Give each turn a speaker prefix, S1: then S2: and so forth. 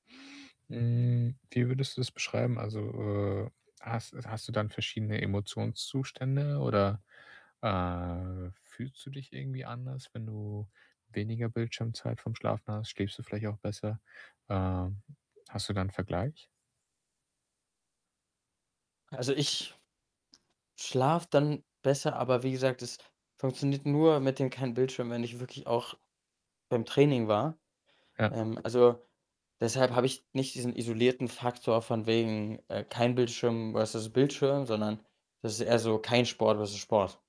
S1: Hm, wie würdest du's beschreiben? Also, äh, hast hast du dann verschiedene Emotionszustände oder, äh, fühlst du dich irgendwie anders, wenn du weniger Bildschirmzeit vorm Schlafen hast? Schläfst du vielleicht auch besser? Ähm, hast du da 'nen Vergleich?
S2: Also, ich schlafe dann besser, aber wie gesagt, es funktioniert nur mit dem kein Bildschirm, wenn ich wirklich auch beim Training war.
S1: Ja.
S2: Ähm, also, deshalb habe ich nicht diesen isolierten Faktor von wegen, äh, „kein Bildschirm“ versus „Bildschirm“, sondern das ist eher so „kein Sport“ versus „Sport“.